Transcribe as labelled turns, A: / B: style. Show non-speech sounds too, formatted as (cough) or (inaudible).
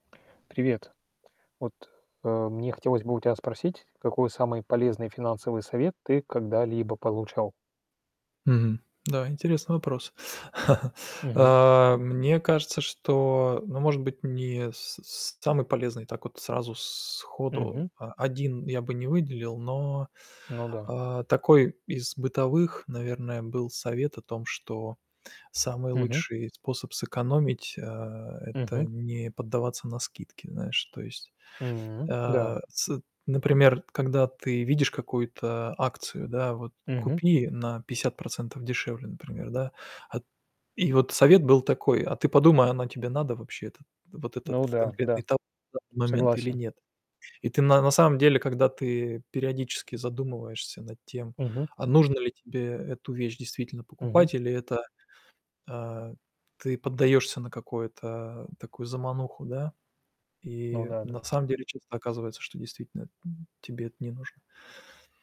A: Привет. Вот, а, мне хотелось бы у тя спросить, какой самый полезный финансовый совет ты когда-либо получал?
B: Мгм, да, интересный вопрос. (chuckles)
A: Мгм.
B: А, мне кажется, что ну может быть, не с с самый полезный, так вот сразу сходу,
A: Мгм.
B: а, 1 я бы не выделил, но
A: Ну да.
B: А, такой из бытовых, наверное, был совет о том, что самый
A: Мгм.
B: лучший способ сэкономить, а, это
A: Мгм.
B: не поддаваться на скидки, знаешь то есть.
A: М, да.
B: А, сэт например, когда ты видишь какую-то акцию, да, вот
A: Мгм.
B: купи на 50 % дешевле, например, да. Ат и вот совет был такой, а, ты подумай, оно тебе надо вообще это? Вот этот
A: Ну да, да,
B: конкретный тов да в момент или
A: согласен.
B: нет? И ты на на самом деле, когда ты периодически задумываешься над тем,
A: Мгм.
B: а, нужно ли тебе эту вещь действительно
A: Мгм.
B: покупать или это А, ты поддаёшься на какое-то, такую замануху, да?
A: Ну
B: И
A: да,
B: на
A: да.
B: самом деле часто оказывается, что действительно эт тебе это не нужно.